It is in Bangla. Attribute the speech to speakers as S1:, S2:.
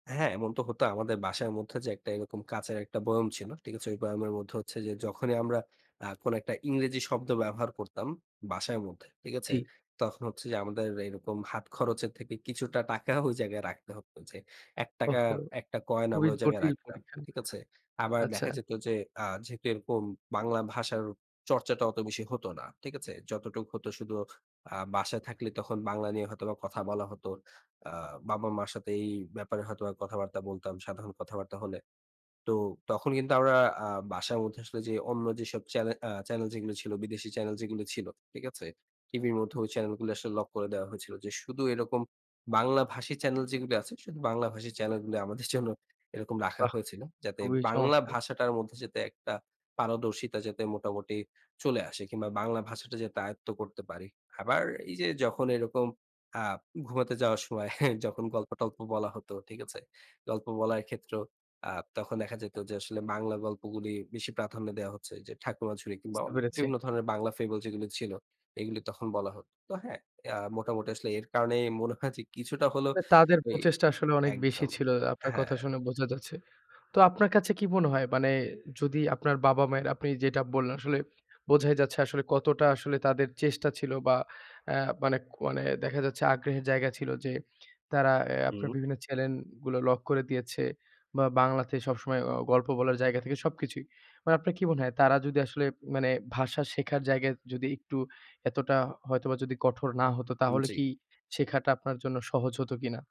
S1: হ্যাঁ, এমন তো হতো। আমাদের বাসার মধ্যে যে একটা এরকম কাঁচের ১ টা বইয়োম ছিল। ঠিক আছে? ওই বইয়োমের মধ্যে হচ্ছে যে, যখনই আমরা আ কোন একটা ইংরেজি শব্দ ব্যবহার করতাম, বাসায় মধ্যে। ঠিক আছে?
S2: জি।
S1: তখন হচ্ছে যে আমাদের এরকম হাত খরচের থেকে কিছুটা টাকা, ওই জায়গায় রাখতে হত যে, ৳১
S2: ওহো!
S1: র, ১ টা কয়েন আমরা
S2: খুবই
S1: ওই জায়গায়
S2: জটিল
S1: রাখতাম।
S2: পরীক্ষা।
S1: ঠিক আছে? আবার
S2: আচ্ছা।
S1: দেখা যেত যে, আ যেহেতু এরকম বাংলা ভাষার চর্চাটা অত বেশি হত না। ঠিক আছে? যতটুক হতো শুধু, আ বাসায় থাকলে তখন বাংলা নিয়ে হয়তোবা কথা বলা হত। আ বাবা-মা'র সাথে এই ব্যাপারে হয়তোবা কথাবার্তা বলতাম, সাধারণ কথাবার্তা হলে। তো তখন কিন্তু আমরা আ বাসার মধ্যে আসলে যে অন্য যেসব চ্যানে অ্যা চ্যানেল যেগুলি ছিল, বিদেশী চ্যানেল যেগুলি ছিল, ঠিক আছে? টিভির মধ্যে
S2: হু।
S1: ওই চ্যানেল গুলি আসলে লক করে দেওয়া হয়েছিল। যে শুদু এরকম বাংলা ভাষী চ্যানেল যেগুলি আছে, শুধু বাংলাভাষী চ্যানেল গুলি আমাদের জন্য এরকম রাখা
S2: বাহ!
S1: হয়েছিল। যাতে
S2: খুবই
S1: বাংলা
S2: চমৎকার!
S1: ভাষাটার মধ্যে যাতে একটা পারদর্শিতা যাতে মোটামুটি চলে আসে, কিংবা বাংলা ভাষাটা যাতে আয়েত্ত করতে পারি। আবার এই যে যখন এরকম আ ঘুমাতে যাওয়ার সময়, হ্যাঁ? যখন গল্প-টল্প বলা হতো, ঠিক আছে? গল্প বলায় ক্ষেত্রেও আ তখন দেখা যেত যে আসলে, বাংলা গল্পগুলি বেশি প্রাধান্য দেয়া হচ্ছে যে, ঠাকুমাঝুরি কিংবা অ
S2: বুঝতে পেরেছি।
S1: বিভিন্ন ধরনের বাংলা ফেবল যেগুলি ছিল, এগুলি তখন বলা হত। তো হ্যাঁ, ইয়া মোটামুটি আসলে এর কারণেই মনে হয় যে, কিছুটা হলো
S2: তাদের
S1: ওই
S2: প্রচেষ্টা আসলে অনেক বেশি
S1: একদম,
S2: ছিল, আপনার
S1: হ্যাঁ।
S2: কথা শুনে বোঝা যাচ্ছে। তো আপনার কাছে কি মনে হয়? মানে যদি আপনার বাবা-মায়ের আপনি যেটা বললেন আসলে, বোঝাই যাচ্ছে আসলে কতটা আসলে তাদের চেষ্টা ছিল বা অ্যা মানে কো মানে দেখা যাচ্ছে আগ্রহের জায়গা ছিল যে, তারা অ্যা আপনার
S1: হুম।
S2: বিভিন্ন চ্যানেল গুলো লক করে দিয়েছে। বা বাংলাতে সবসময় অ গল্প বলার জায়গা থেকে, সবকিছুই। মানে আপনার কি মনে হয়, তারা যদি আসলে মানে ভাষা শেখার জায়গায় যদি একটু এতটা হ হয়তোবা যদি কঠোর না হতো,
S1: উম
S2: তাহলে
S1: জি।
S2: কি শেখাটা আপনার জন্য সহজ হত কিনা?